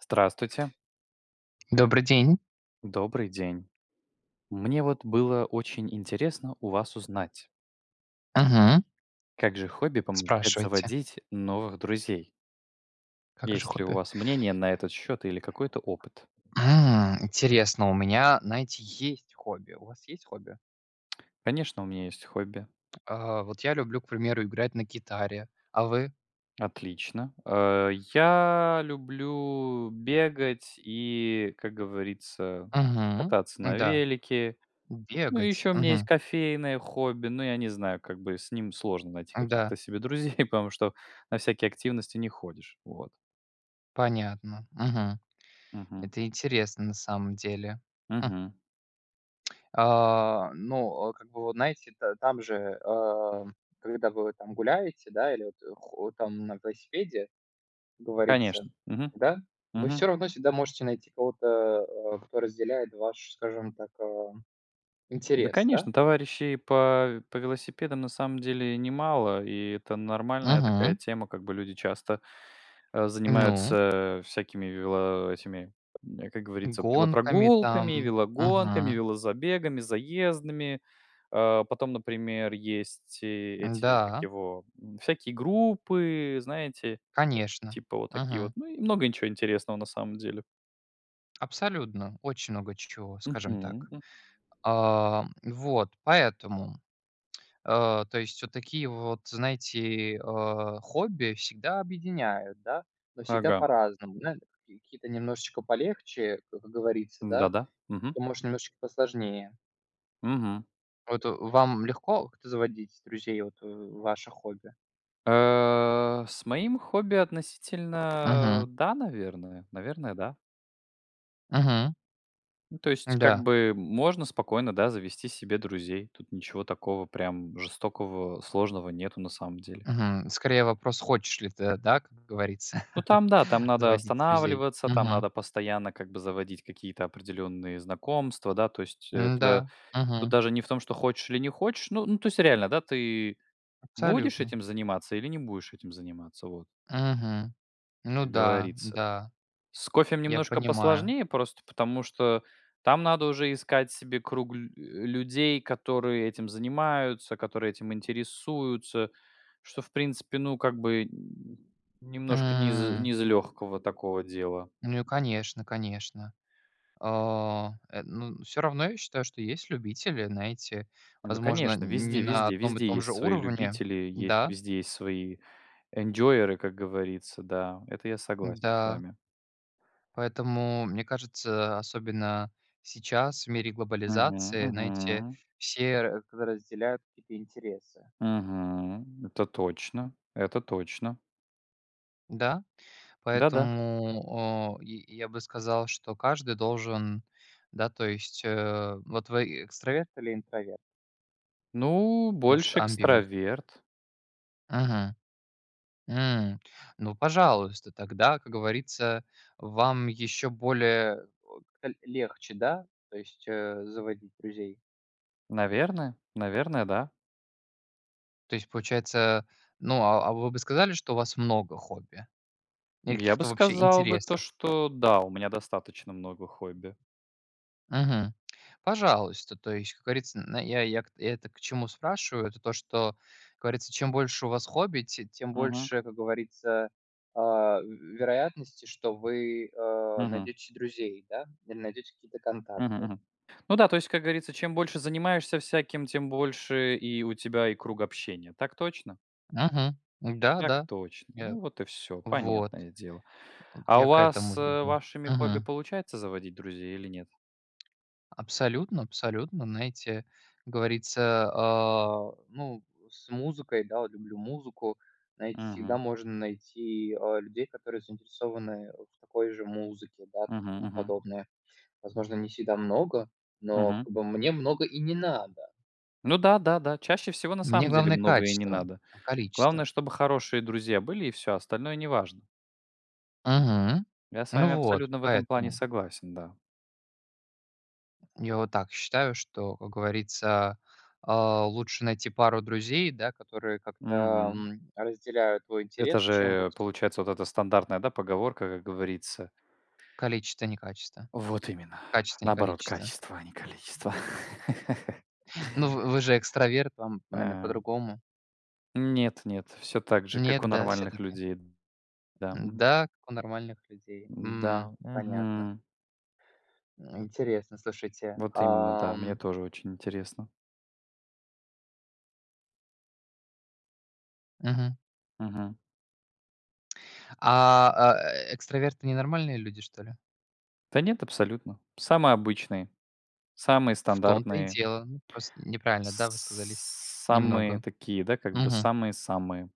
Здравствуйте! Добрый день! Добрый день! Мне, вот, было очень интересно у вас узнать Мгм. как же хобби помогает Спрашивайте. заводить новых друзей? Как же Есть ли у хобби? вас мнение на этот счет или какой-то опыт? М. Интересно, у меня, знаете, есть хобби. У вас есть хобби? Конечно, у меня есть хобби. А, вот, я люблю, к примеру, играть на гитаре. А вы? Отлично. А, я люблю бегать, и, как говорится, Мгм. кататься на М-да. велике. Ну, Бегать? ещё у меня есть Мгм. кофейное хобби, но я не знаю, как бы, с ним сложно найти М-да. каких-то себе друзей, потому что на всякие активности не ходишь, вот. Понятно. Мгм. Мгм. Это интересно, на самом деле. Хм. Мгм. А, ну, о, как бы, вот, знаете, это, там же, а, когда вы, вот, там, гуляете, да, или, вот, хо там, на велосипеде, как говорится. Конечно. Мгм. Да? Вы Мгм. всё равно всегда можете найти кого-то, а, кто разделяет ваш, скажем так, а, Да, интерес, да? конечно, товарищей по по велосипедам, на самом деле, немало, и это нормальная такая Мгм. тема. Как бы, люди часто, э, Ну. занимаются, э, всякими вело этими, м, как говорится, Гонками, велопрогулками, там. велогонками, Мгм. велозабегами, заездами. А, потом, например, есть э эти, как М-да. его, м, всякие группы, знаете? Конечно. Типа вот такие вот. Мгм. Ну, и много и чё интересного, на самом деле. Абсолютно. Очень много че чего, скажем Мгм, так. м. А, м, вот, поэтому. А, то есть вот такие вот, знаете, а, хобби всегда объединяют, да, но всегда Ага. по-разному, да. Какие-то немножечко полегче, как говорится, да, Да-да. Мгм. то, может, немножечко посложнее. Мгм. Вот вам легко как-то заводить друзей, вот, э, ваше хобби? А. С моим хобби Мгм. относительно, да, наверное. Наверное, да. Мгм. Ну, то есть, М-да. как-бы можно спокойно, да, завести себе друзей. Тут ничего такого прям жестокого, сложного нету на самом деле. Мгм. Скорее, вопрос: хочешь ли ты, да, как говорится, Ну, там да. Там надо заводить друзей? останавливаться, там Мгм. надо постоянно как бы заводить какие-то определенные знакомства. Да, то есть это М-да. тут Мгм. даже не в том, что хочешь или не хочешь, ну ну, то есть реально, да, ты будешь Абсолютно. этим заниматься или не будешь этим заниматься, вот. Мгм. Ну Как да, говорится. да. С кофем Я немножко понимаю. посложнее просто потому, что там надо уже искать себе круг лю э, людей, которые этим занимаются, которые этим интересуются, что, в принципе, ну, как бы, м, немножко не из М. не из легкого такого дела. Ну, и конечно, конечно. А, э, н ну, всё равно, я считаю, что есть любители, знаете, Ну возможно, конечно, везде не на везде одном и везде том есть же свои уровне. любители, есть Да? везде свои энджойеры, как говорится. Да, это я согласен с Да. вами. Поэтому, мне кажется, особенно сейчас, в мире Мгм. глобализации, знаете, Мгм. все ра разделяют какие-то интересы. Мгм. Это точно, это точно. Да, Да-да. поэтому, а, я я бы сказал, что каждый должен, да, то есть, э Вот вы, э, экстраверт или интроверт? Ну, Может, больше амбиверт? экстраверт. Мгм. М. Ну, пожалуйста, тогда, как говорится, вам еще более, вот ка легче, да, то есть, э, заводить друзей? Наверное, наверное да. То есть, получается, ну, а а, вы бы сказали, что у вас много хобби, или Я бы каких-то, вообще, сказал бы то, интересах? что да, у меня достаточно много хобби. Мгм. Пожалуйста, то есть, как говорится, на я я я это к чему спрашиваю, это то, что как говорится, чем больше у вас хобби, те тем Мгм. больше, как говорится, э, вероятности, что вы, э, Мгм. найдете се друзей, да, или найдете какие-то Мгм контакты. мгм. Ну да, то есть как говорится, чем больше занимаешься всяким, тем больше и у тебя и круг общения. Так точно? Мгм. Так Да-да. точно. Я Ну вот и всё. вот. Понятное дело. Вот, А у я к вас, этому э, веду. вашими хобби Мгм. получается заводить друзей, или нет? Абсолютно, абсолютно, знаете, говорится, а ну с музыкой, да, вот люблю музыку, знаете, всегда Мгм. можно найти, э, людей, которые заинтересованы в такой же музыке, да, и Мгм тому мгм. подобное. Возможно, не всегда много, но, Мгм. как бы, мне много и не надо. Ну да-да-да. Чаще всего, на Мне самом деле, главное многое не качество, надо. чем количество. Главное, чтобы хорошие друзья были и всё, остальное не важно. Мгм. Я с Ну вами вот, абсолютно в этом плане поэтому. согласен, да. Я вот так считаю, что, как говорится, э, лучше найти пару друзей да, которые как-то, Мгм. м, разделяют твой Это интерес, чем вот же, получается, вот эта стандартная да поговорка, как говорится. Количество, не качество. Вот именно, Качество, не наоборот количество. качество, а не количество. Мгм. Ну, вы вы же экстраверт. Вам, наверное, А по-другому. Нет-нет, всё так же как Нет, у да, нормальных всё-таки? людей. Да, мгм. М-да, как у нормальных людей. М, М-да. понятно. Мгм. Интересно, слушайте. Вот именно, да. Ам Мне тоже очень интересно. Мгм. Мгм. А, э экстраверты- ненормальные люди, что ли? Да нет, абсолютно. Самые обычные, самые В том-то и стандартные. дело. Мы просто неправильно, да, высказались, Самые немного. такие, да, как бы Мгм. самые-самые.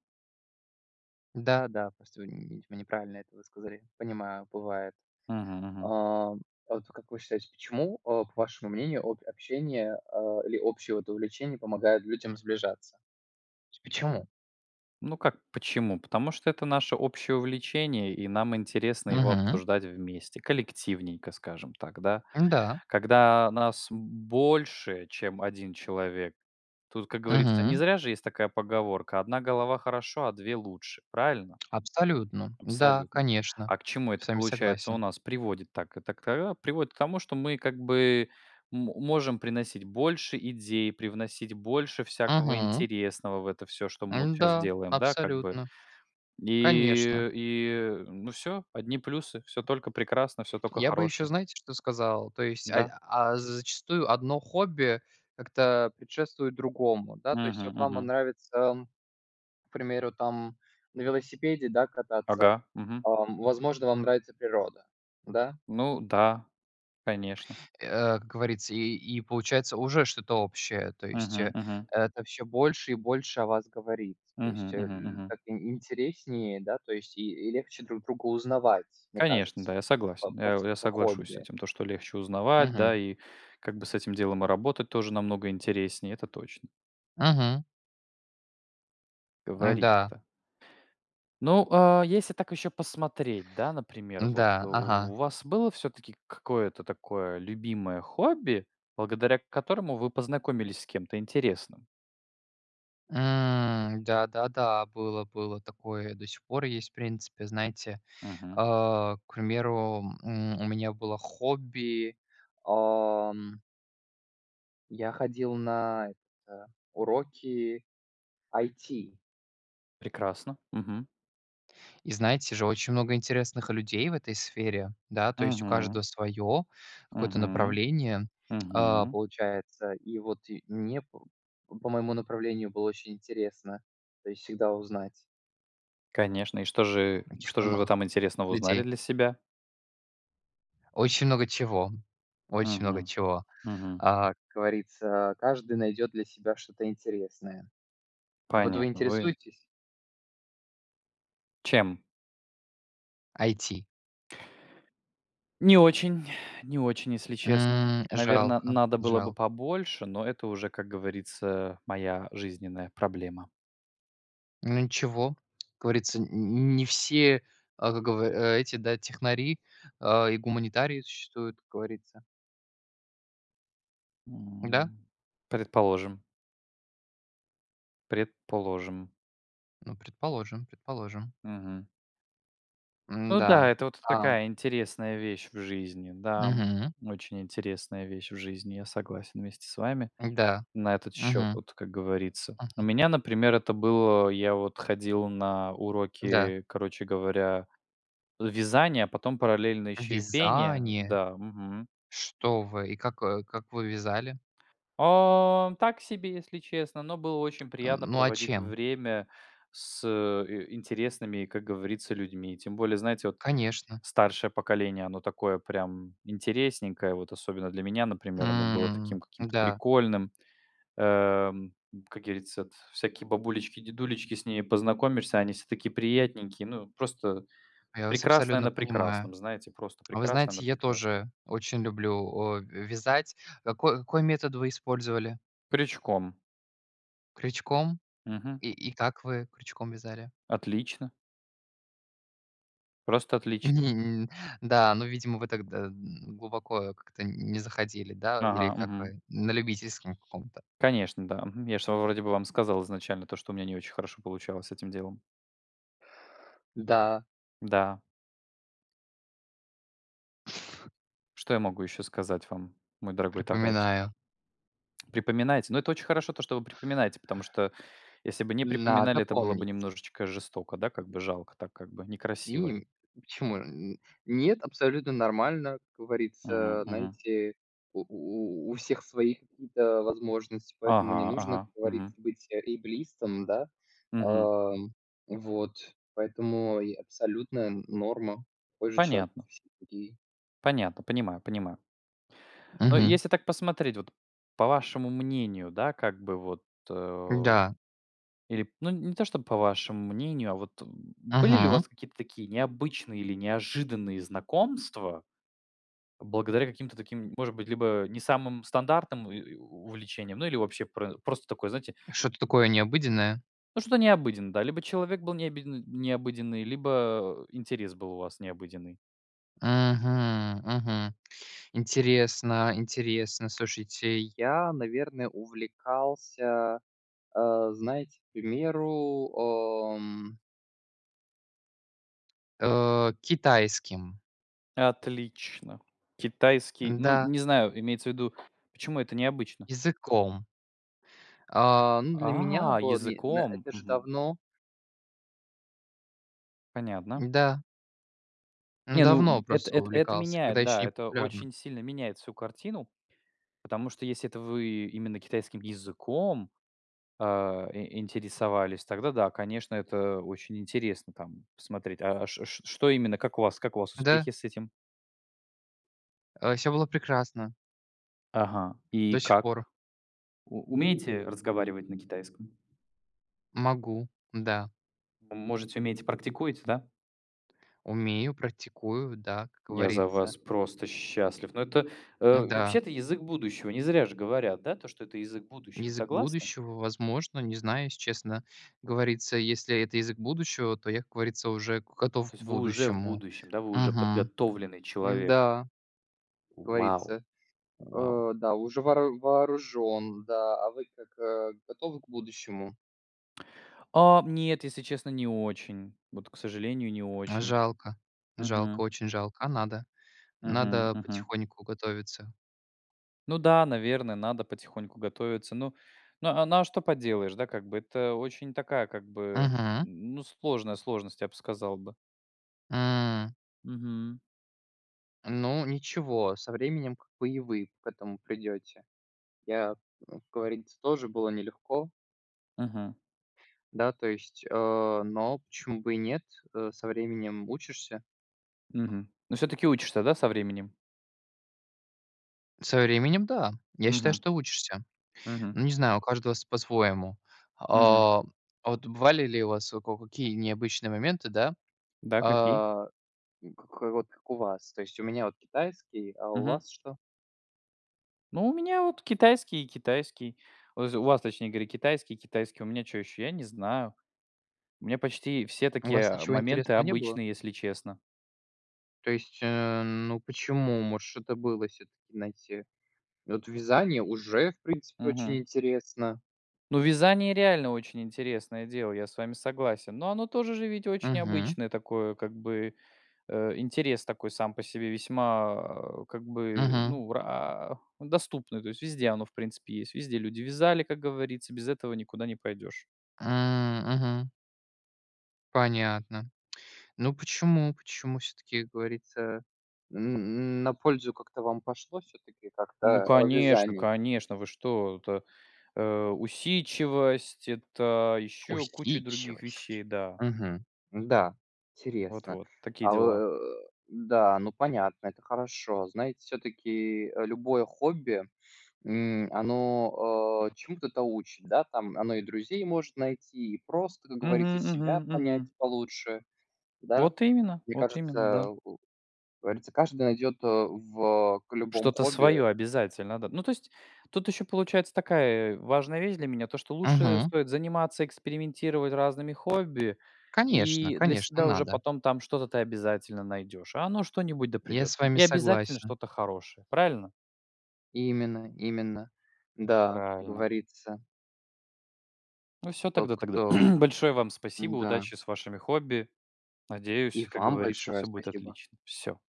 Да, да. Просто вы нь вы неправильно это высказали. Понимаю, бывает. Мгм А, мгм. а вот как вы считаете, почему, э, к вашему мнению от общения, э, или общее, вот, увлечение помогает людям сближаться? То есть почему? Ну как почему? Потому что это наше общее увлечение и нам интересно его Мгм. обсуждать вместе, коллективненько, скажем так, да. М-да. Когда нас больше чем 1 человек, тут, как говорится- не Мгм. зря же есть такая поговорка: "Одна голова хорошо, а две лучше". Правильно? Абсолютно. Да, Абсолютно. конечно, А, к чему это с вами получается у согласен. нас приводит? Так, это к та а, приводит к тому, что мы как бы мо можем приносить больше идей, привносить больше всякого Мгм. интересного в это всё, что мы вот щас М-да. делаем, да, как бы. Абсолютно. Конечно. И и ну всё. Одни плюсы, всё только прекрасно, всё тока Я бы еще, хорошее. знаете, что сказал? То есть, ай Да. а з зачастую одно хобби как-то предшествует другому, да. То есть Мгм вот вам мгм. нравится, м, к примеру, там, на велосипеде, да, кататься, Ага. Мгм. ам, возможно, вам нравится природа, да? Ну да. Конечно. Э, как говорится, и и получается, уже что-то общее, то есть, Мгм э, мгм. это всё больше и больше о вас говорит. То есть, Мгм э, мгм ль так мгм. ин интереснее, да, то есть и и легче друг друга узнавать, мне Конечно, да, кажется, я по согласен. по Э, с я по соглашусь с хобби. этим то, что легче узнавать да, Мгм. и как бы с этим делом и работать тоже намного интереснее, это точно. Мгм. М-да. Говорит-то. Ну, а, если так ещё посмотреть, да, например, вот М-да, ага. у вас было всё-таки к какое-то такое любимое хобби, благодаря к которому вы познакомились с кем-то интересным? М. Да-да-да. Было, было такое. До сих пор есть, в принципе, знаете. Мгм. А, к примеру, м, у меня было хобби, ам я ходил на это Уроки IT. Прекрасно. Мгм. И, знаете же, очень много интересных людей в этой сфере, да, то есть у Мгм. каждого своё какое-то Мгм. направление, а, Мгм. получается. И вот и мне п по моему направлению было очень интересно, то есть всегда узнать Конечно. И что же, й что же вы [unintelligible] там интересного узнали людей. для себя? Очень много чего. Очень много Мгм. чего. Мгм. А, как говорится, каждый найдёт для себя что-то интересное. Вот вы Понятно. Вы интересуетесь? Чем? IT. Не очень, не очень, если честно. М. Наверно, Жалко, надо было бы жалк побольше, но это уже, как говорится, моя жизненная проблема. Ну ничего. Как говорится, нь нь не все, а, как гов эти, да, технари, а, и гуманитарии существуют, как говорится. Да. М. Предположим. Предположим. Ну предположим, предположим. Мгм. Ну М-да, да, это вот да. такая интересная вещь в жизни. Да, м, Мгм. очень интересная вещь в жизни. Я согласен вместе с вами М-да. на этот счет Мгм. вот, как говорится. У Мгм. меня, например, это было, я вот ходил на Да. уроки, короче говоря, вязания, а потом параллельно еще и пения Вязание? Да, мгм. Что вы? И как, э, как вы вязали? Э. Так себе, если честно. Но было очень Э, приятно ну, а проводить чем? время с и интересными, как говорится, людьми. Тем более, знаете, вот Конечно. старшее поколение, оно такое прям интересненькое. Вот особенно для меня, например, оно было М. таким каким-то М-да. прикольным. Эм, как говорится, т всякие бабулечки, дедулечки, с ними познакомишься, а они все такие приятненькие. Ну просто Я вас прекрасное абсолютно на понимаю. прекрасном, знаете? Просто А вы прекрасное на знаете, я прекрасном. тоже очень люблю, а, ве вязать. Како какой метод вы использовали? Крючком. Крючком? Мгм. И и как вы крючком вязали? Отлично. Просто отлично. Да, но, видимо, вы тогда, н, глубоко как-то не заходили, да? Или Ага. как Мгм. вы, на любительском каком-то? Конечно, да, мгм. Я ж вам вроде бы вам сказал изначально, то что у меня не очень хорошо получалось с этим делом. Да. Да! Что я могу еще сказать вам, мой дорогой товарищ? Припоминаю. Припоминайте! Но это очень хорошо то, что вы припоминаете, потому что, если бы не Надо припоминали, это было бы помнить. немножечко жестоко, да как бы жалко, так как бы некрасиво. М, почему? Н нет, абсолютно нормально. Как Мгм говорится, мгм. знаете, у у у всех свои какие-то возможности, поэтому не Ага, нужно, ага, как говорится, мгм. быть эйблистом, да. Мгм. А, вот. Поэтому и абсолютная норма, такой же человек, как Понятно. и все другие. Понятно, понимаю понимаю. Но Мгм. если так посмотреть, вот, по вашему мнению, да, как бы, вот, э, М-да. или, ну, не не то чтобы по вашему мнению, а вот, э, были ли у Мгм. вас какие-то такие необычные или неожиданные знакомства благодаря каким-то таким, может быть, либо не самым стандартным и и у увлечениям или вообще про просто такое, знаете Что-то такое необыденное? Ну, что-то необыденное, да. Либо человек был необиден необыденный, либо интерес был у вас необыденный. Мгм, мгм. Интересно, интересно, слушайте, я, наверное, увлекался, а, знаете, к примеру, эм э, китайским. Отлично! Китайский, ну, Н-да. не знаю, имеется в виду, почему это необычно? Языком. А, ну, для меня А, было не на языком? это же Мгм. давно. Понятно. Н-да. Ну Не, ну давно эт просто эт это увлекался, когда меняет, еще да. Это непопулярно. очень сильно меняет всю картину, потому что если это вы именно китайским языком, а, и интересовались, тогда да, конечно, это очень интересно там посмотреть. А ш ш что именно, как у вас как у вас Да. успехи с этим? А, всё было прекрасно. Ага. И До сих как? пор. У умеете разговаривать на китайском? Могу, да. Можете, умеете, практикуете, да? Умею, практикую, да, как Я за говорится. вас просто счастлив! Ну, это, э, Н-да. вообще, это язык будущего. Не зря же говорят, да, то что это язык будущего. Вы Язык согласны? будущего, возможно, не знаю, если честно, говорится. Если это язык будущего, то я, как говорится, уже готов То к есть вы уже в будущему. будущем, да, вы уже Мгм. подготовленный человек. М-да, как Вау! говорится, Вау! э, да, уже воору вооружен, да. А вы как, готовы к будущему? А, нет, если честно, не очень, вот, к сожалению, не очень. Жалко, жалко, Мгм. очень жалко. А надо, Мгм надо мгм. потихоньку готовиться. Ну да, наверное, надо потихоньку готовиться. Ну ну, а, ну а что поделаешь, да, как бы? Это очень такая, как бы, Мгм. ну сложная сложность, я б сказал бы. М. Мгм. Ну ничего, со временем, как бы, и вы к этому придёте. Я, м, говорится, тоже было нелегко. Мгм. Да, то есть, э, но почему бы и нет? Э, со временем учишься. Мгм, но всё-таки учишься, да, со временем? Со временем да. Я считаю, Мгм. что учишься. Мгм. Ну не знаю, у каждого св по-своему. Мгм. А, а вот бывали ли у вас во коко какие необычные моменты, да, Да, какие? а, к к вот как у вас? То есть у меня вот китайский, а у Мгм. вас что? Ну у меня вот китайский, и китайский. Вз у вас, точнее говоря, китайский, и китайский, а у меня чё еще? Я не знаю. У меня почти все У такие, вас а, ничего моменты интересного не было? обычные, если честно. То есть, э, ну почему, может, что-то было всё-таки, знаете, вот вязание уже в принципе очень Мгм. интересно. Ну, вязание реально очень интересное дело, я с вами согласен. Но оно тоже же ведь очень Мгм. обычное такое, как бы, э, интерес такой сам по себе весьма как бы, Мгм. ну, ра он доступный, то есть. Везде оно, в принципе, есть, везде люди вязали, как говорится. Без этого никуда не пойдешь. М, мгм. Понятно. Ну, почему, почему всё-таки, как говорится, м на пользу как-то вам пошло всё-таки Ну как-то, э, конечно, вязание? конечно, вы что. Это, э, усидчивость, это ещё куча других вещей, Усидчивость, да. мгм, да, интересно. Вот-вот, такие А э дела. э, да, ну, понятно, это хорошо. Знаете, всё-таки любое хобби, м, оно, э, чему-то то да учит, да, там. Оно и друзей может найти, и просто, как говорится, Мгм мгм себя понять мгм. получше, да. Вот именно, Мне вот именно, кажется, да. у как говорится, каждый найдет, э, в к любом Что-то хобби своё обязательно, да. Ну то есть, тут еще получается такая важная вещь для меня, то, что лучше Мгм. стоит заниматься, экспериментировать разными хобби, Конечно, и для конечно, себя уже надо. потом там что-то ты обязательно найдёшь. А оно что-нибудь да Я придёт, с вами и обязательно согласен. что-то хорошее, правильно? Именно, именно. Да, Правильно! говорится. Ну всё Тот, тогда тогда кто т большое вам спасибо! Н-да. Удачи с вашими хобби! И Надеюсь, как вам говорится, большое всё будет спасибо. отлично. Всё.